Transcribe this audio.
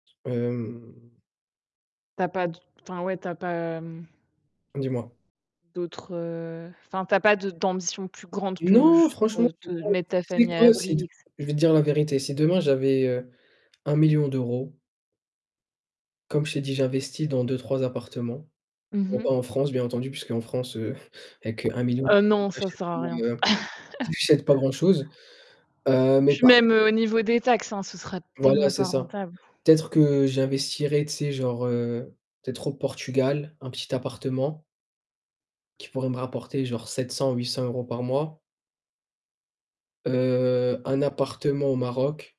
Hem Tu as pas d enfin, ouais, tu as pas, mmh Dis-moi. D'autres, heu enfin, tu as pas de d'ambitions plus grandes que Non, juste franchement, de te [unintelligible] mettre ta famille à l'abri et cetera. je vais te dire la vérité. Si demain, j'avais, heu, 1 000 000 d'euros comme je t'ai dit, j'investis dans 2-3 appartements, Mmh bon, mh. pas en France, bien entendu, puisqu'en France, heu, avec 1 000 000 Heu, d'euros non, tu ça sert achètes à rien. [unintelligible] tu achète pas grand chose. Heu, Et mais puis pas même, heu, au niveau des taxes, hein, ça serait Voilà, tellement pas c'est ça. rentable. Peut-être que j'investirais, tu sais, genre, heu, peut-être au Portugal, un petit appartement qui pourrait me rapporter, genre, 700-800 € par mois Heu, un appartement au Maroc.